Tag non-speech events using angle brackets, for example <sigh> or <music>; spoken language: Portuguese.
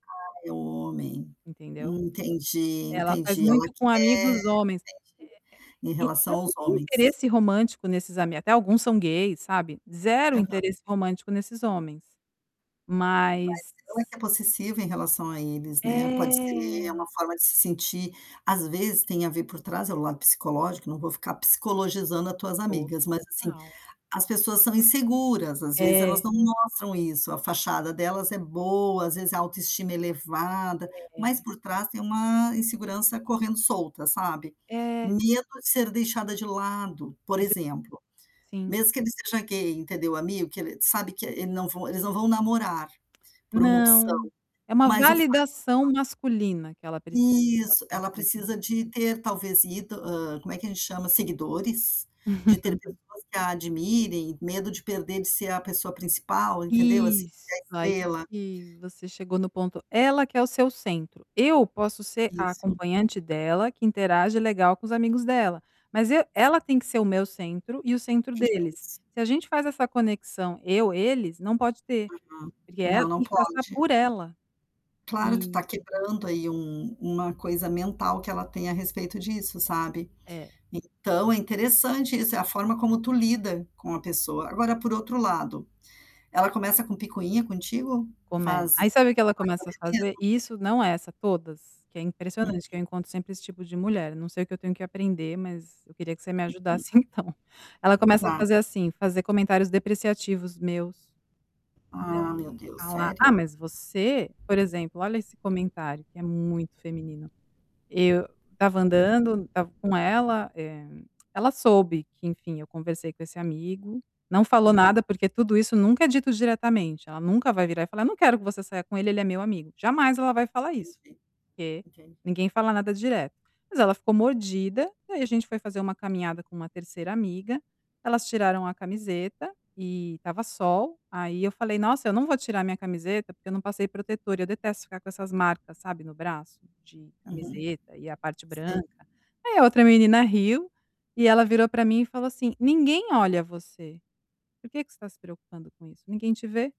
Aí, homem, Entendeu? entendi, É, ela faz entendi, ela muito com quer amigos homens. entendi, em Eh, eh, e eu relação não aos tenho homens. interesse romântico nesses ami até alguns são gays, sabe, zero Aham. interesse romântico nesses homens. Mas Mas ela que é possessiva em relação a eles, né, pode ser, é É! uma forma de se sentir às vezes tem a ver por trás é o lado psicológico, não vou ficar pscicologizando a tuas amigas, mas, assim, Total. as pessoas são inseguras, às vezes, elas É. não mostram isso, a fachada delas é boa, às vezes, a autoestima elevada, mas É. por trás tem uma insegurança correndo solta, sabe. É. Medo de ser deixada de lado, por Princi exemplo. Sim. Mesmo que ele seja gay, entendeu, o amigo, que ele, sabe, que e ele não vão eles não vão namorar, por uma opção, Não, é uma mas o fato validação dela masculina que ela precisa elas Isso ela precisam. precisa de ter talvez ido, hã, como é que a gente chama, seguidores, de ter <chuckles> pessoas que a admirem, medo de perder de ser a pessoa principal, entendeu, assim, da Isso, aí estrela. que você chegou no ponto, ela que é o seu centro. Eu posso ser a Isso. acompanhante dela que interage legal com os amigos dela, mas eu ela tem que ser o meu centro e o centro Isso. deles. Se a gente faz essa conexão eu-eles não pode ter, Uhum. porque Não, ela não tem que passar pode. por ela. Claro, tu tá E quebrando aí um um uma coisa mental que ela tem a respeito disso, sabe. É. Então, é interessante isso, é a forma como tu lida com a pessoa. Agora por outro lado, ela começa com picuinha contigo? Come Faz Aí, larga sabe o que ela começa a veneno? fazer? Isso não é essa, todas, que é impressionante que eu Uhum. encontro sempre esse tipo de mulher, não sei o eu tenho que aprender, mas eu queria que você me Uhum. ajudasse então. Ela começa a Tá. fazer assim: fazer comentários depreciativos meus. É. Ah, meu Deus, "A lá, ah, sério? mas você", por exemplo, olha esse comentário, que é muito feminino, eu estava andando, estava com ela, eh, <clicks tongue> ela soube que enfim eu conversei com esse amigo, não falou Uhum. nada, porque tudo isso nunca é dito diretamente, ela nunca vai virar e falar: "Eu não quero que você saia com ele ele é meu amigo", jamais ela vai falar isso, Entendi, porque entendi. ninguém fala nada direto. Mas ela ficou mordida, e aí a gente foi fazer uma caminhada com uma 3º amiga, elas tiraram a camiseta, e estava sol, aí eu falei: "Nossa, eu não vou tirar a minha camiseta, porque eu não passei protetor", eu detesto ficar com essas marcas, sabe, no braço, de Uhum. camiseta e a parte Sei. branca. Aí, a outra menina riu, e ela virou para mim e falou assim: "Ninguém olha você, por que que você está se preocupando com isso? Ninguém te vê."